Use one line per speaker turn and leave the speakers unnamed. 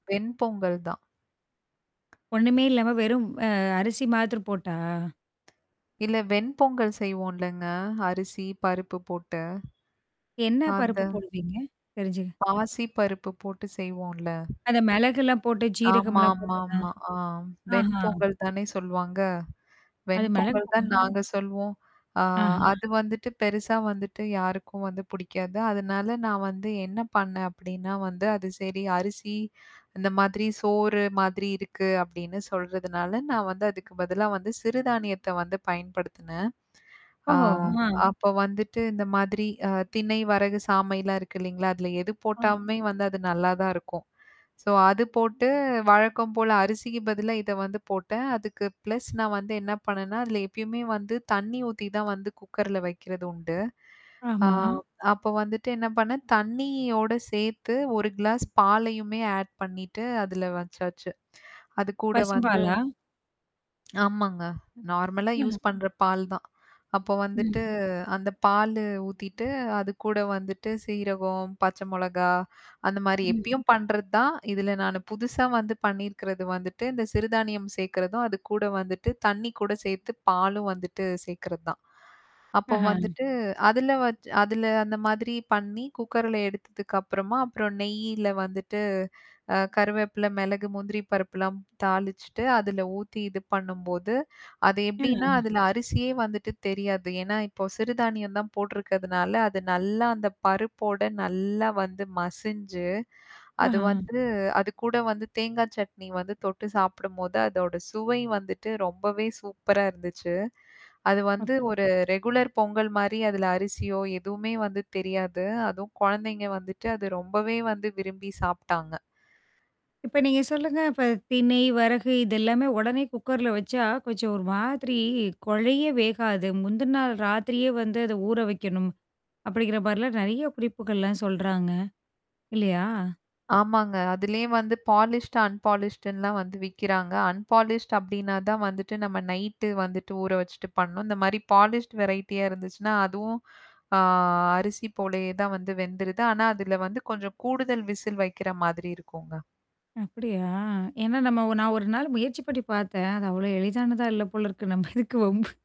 வெண்பொங்கல் தான்.
ஒண்ணுமே இல்லாம வெறும் அ அரிசி மாத்திரம் போட்டா?
இல்ல, வெண்பொங்கல் செய்வோம்லங்க. அரிசி, பருப்பு போட்டு.
என்ன பருப்பு
அது.
போடுவீங்க? தெரிஞ்சு
பாசி பருப்பு போட்டு செய்வோம்ல?
அந்த மிளகெல்லாம் போட்டு, சீரகம்லாம் போட்டதா?
ஆமாமாமா. ஆ, வெண்
ஆஹா.
பொங்கல் தானே சொல்வாங்க.
அது
வெண்
மெளகு
பொங்கல் தான்
பொங்கல்.
நாங்க சொல்வோம். ஆ,
ஆஹ.
அது வந்துட்டு பெருசா வந்துட்டு யாருக்கும் வந்து புடிக்காது. அதனால நான் வந்து என்ன பண்ணேன் அப்படின்னா வந்து, அது சரி, அரிசி இந்த மாதிரி சோறு மாதிரி இருக்கு அப்படின்னு சொல்றதுனால, நான் வந்து அதுக்கு பதிலா சிறுதானியத்த வந்து பயன்படுத்துனேன். ஆ
ஓஹோ! ஆ,
அப்போ வந்துட்டு இந்த மாதிரி, அ, திணை, வரகு, சாமைலாம் இருக்கு இல்லைங்களா? அதுல எது
ஆ
போட்டாலுமே வந்து அது நல்லா தான் இருக்கும். சோ, அது போட்டு, வழக்கம் போல அரிசிக்கு பதிலா இத வந்து போட்டேன். அதுக்கு பிளஸ் நான் வந்து என்ன பண்ணேன்னா, அதுல எப்பயுமே வந்து தண்ணீ ஊத்தி தான் வந்து குக்கர்ல வைக்கிறது உண்டு. ஆ
ஆமா.
அப்போ வந்துட்டு என்ன பண்ணேன், தண்ணியோட சேர்த்து 1 கிளாஸ் பாலயுமே ஆட் பண்ணிட்டு அதுல வச்சாச்சு. அது கூட வந்து
பசும்பாலா?
ஆமாங்க. நார்மலா யூஸ்
அ.
பண்ற பால் தான். அப்ப வந்துட்டு
ம்.
அந்த பாலு ஊத்திட்டு, அது கூட வந்துட்டு சீரகம், பச்ச மிளகாய், அந்த மாரி
ம்.
எப்பயும் பண்றது தான். இதுல நானு புதுசா வந்து பண்ணியிருக்கிறது வந்துட்டு இந்த சிறுதானியம் சேக்கறதும், அது கூட வந்துட்டு தண்ணி கூட சேத்து, பாலும் வந்துட்டு சேக்கறது தான். அப்போ
ஆஹ.
வந்துட்டு, அதுல வச் அதுல அந்த மாதிரி பண்ணி குக்கர்ல எடுத்ததுக்கு அப்புறமா, அப்புறம் நெய்ல வந்துட்டு, அ கருவேப்பில, மிளகு, முந்திரி பருப்புலாம் தாளிச்சுட்டு, அதுல ஊத்தி இது பண்ணும்போது, அது எப்டின்னா,
அ.
அதுல அரிசியே வந்துட்டு தெரியாது. ஏன்னா, இப்போ சிறுதானியம் தான் போட்டுருக்கிறதுனால, அது நல்லா அந்த பருப்போட நல்லா வந்து மசிஞ்சு, அது
ஆஹ.
வந்து அது கூட வந்து தேங்காய் சட்னி வந்து தொட்டு சாப்பிடும்போது, அதோட சுவை வந்துட்டு ரொம்பவே சூப்பரா இருந்துச்சு. அது வந்து
ஓகே.
ஒரு ரெகுலர் பொங்கல் மாரி, அதுல அரிசியோ எதுவுமே வந்து தெரியாது. அதுவும் கொழந்தைங்க வந்துட்டு அது ரொம்பவே வந்து விரும்பி சாப்டாங்க
இப்ப நீங்க சொல்லுங்க, இப்ப தினை, வரகு இது எல்லாமே உடனே குக்கர்ல வச்சா, கொஞ்சம் ஒரு மாதிரி கொழைய வேகாது. முந்தன நாள் ராத்திரியே வந்து அத ஊற வைக்கணும், அப்படிங்கிற மாரிலாம் நெறைய குறிப்புகள்லாம் சொல்றாங்க. இல்லையா?
ஆமாங்க. அதிலயே வந்து பாலிஸ்ட்டு, அன்பாலிஸ்டுன்லாம் வந்து விக்கிறாங்க. அன்பாலிஸ்ட் அப்படின்னா தான் வந்துட்டு நம்ம நைட்டு வந்துட்டு ஊற வச்சுட்டு பண்ணணும். இந்த மாரி பாலிஸ்ட் வெரைட்டியா இருந்துச்சுன்னா, அதுவும், ஆ, அரிசி போலயே தான் வந்து வெந்துருது. ஆனா, அதுல வந்து கொஞ்சம் கூடுதல் விசில் வைக்கிற மாதிரி இருக்குங்க.
அப்படியா! ஏன்னா நம்ம நான் ஒரு நாள் முயற்சி பண்ணி பாத்தேன். அது அவ்வளோ எளிதானதா இல்ல போல இருக்கு நம்ம எதுக்கு வம்பு?